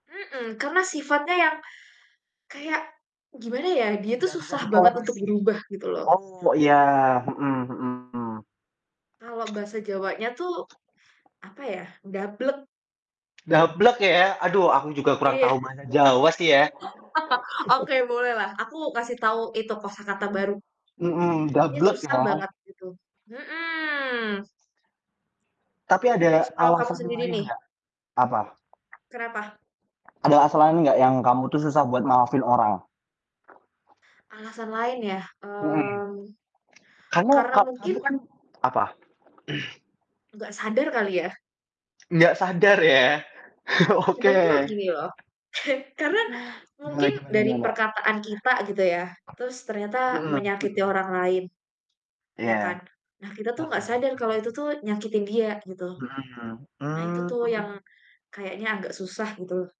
Mhm, karena sifatnya yang kayak gimana ya, dia tuh Ndak bisa susah banget untuk ditoleransi. berubah gitu loh Oh, iya, mhm mhm. Kalau bahasa Jawanya tuh apa ya, dablek. Dablek ya, aduh aku juga kurang Iya. tahu bahasa Jawa sih ya. Oke bolehlah aku kasih tau itu kosakata baru. Mhm, Dia dablek susah emang. banget gitu, mhm. Tapi Terus ada kalau kamu alasan sendiri lain nih nggak? Apa? Kenapa? Ad alasan lain nggak yang kamu tuh susah buat maafin orang? Alasan lain ya, Mhm. mmm, Kamu karena ka mungkin kamu kan apa? nggak sadar kali ya. Nggak sadar ya. Kadang tuh Oke. gini loh, karena Gimana mungkin gimana dari gimana? perkataan kita gitu ya, terus ternyata Mhm menyakiti mhm. orang lain, ya Iya. kan. Nah kita tuh Heeh, gak sadar oke. kalau itu tuh nyakitin dia gitu. Mhm, Nah itu tuh yang mmm. kayaknya agak susah gitu.